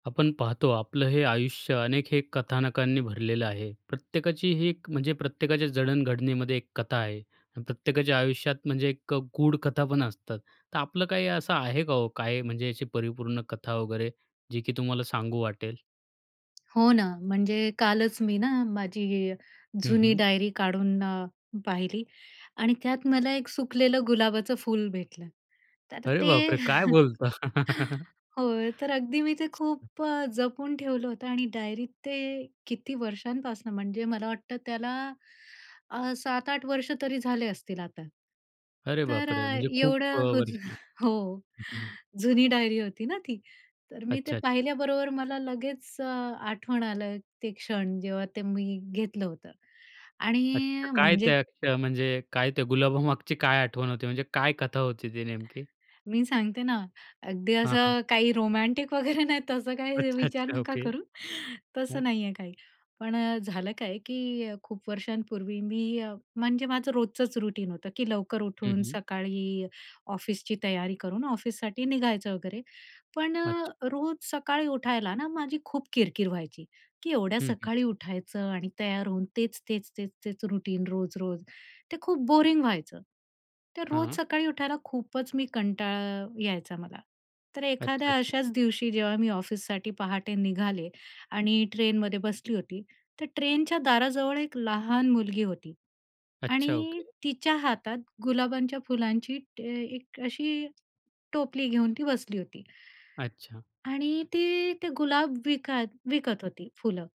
आपण पाहतो आपलं हे आयुष्य अनेक हे कथानकांनी भरलेलं आहे. प्रत्येकाची ही एक म्हणजे प्रत्येकाच्या जडण-घडणीमध्ये एक कथा आहे. प्रत्येकाच्या आयुष्यात म्हणजे एक अ, गूढ कथापण असतात. तर आपलं काही असं आहे का हो, काय म्हणजे याची परिपूर्ण कथा वगैरे जी की तुम्हाला सांगू वाटेल? हो ना. म्हणजे कालच मी ना, माझी ही हं, जुनी हं. डायरी काढून अ, पाहिली आणि त्यात मला एक सुकलेलं गुलाबाचं फूल भेटलं. तर अरे ते बापरे! काय बोलता? होय, तर अगदी मी ते खूप अ, जपून ठेवलं होतं आणि डायरीत ते किती वर्षांपासनं म्हणजे मला वाटतं त्याला अ, 6-7 वर्ष तरी झाले असतील आता. अरे तर बापरे! अ, म्हणजे खूप अ, एवढं हो ज वर्ष हं, हो, हं. जुनी डायरी होती ना ती. तर मी ते अच्छा, अच्छा. पाहिल्याबरोबर मला लगेच अ, आठवण आलं ते क्षण. जेव्हा ते मी घेतलं होतं. आणि अच्छा. काय म्हणजे त्या त्या म्हणजे काय त्या गुलाबामागची काय आठवण होती? म्हणजे काय कथा होती ती नेमकी? मी सांगते ना. अगदी हां, हां. असं काही रोमॅन्टिक वगैरे नाही तसं काही अच्छा, विचार अच्छा. नका ओके. करू. हां. तसं नाहीये काही. पण अ, झालं काय की खूप वर्षांपूर्वी मी म्हणजे माझं रोजचंच रूटीन होतं की लवकर हं, उठून हं. सकाळी ऑफिसची तयारी करून ऑफिससाठी निघायचं वगैरे. पण अ, अच्छा. रोज सकाळी उठायला ना, माझी खूप किरकिर व्हायची, की एवढ्या हं, हं. सकाळी उठायचं आणि तयार होऊन तेच-तेच-तेच तेच रूटीन रोज-रोज ते खूप बोरिंग व्हायचं. तर रोज हां. सकाळी उठायला खूपचं मी कंटाळा यायचा मला, तर अच्छा, एखाद्या अच्छा. अशाच दिवशी जेव्हा मी ऑफिससाठी पहाटे निघाले आणि ट्रेनमध्ये बसली होती. तर ट्रेनच्या दाराजवळ एक लहान मुलगी होती अच्छा. आणि ओके. तिच्या हातात गुलाबांच्या फुलांची एक ट एक अ, अशी टोपली घेऊन ती बसली होती. अच्छा. आणि ती ते गुलाब विकात विकत होती फुलं.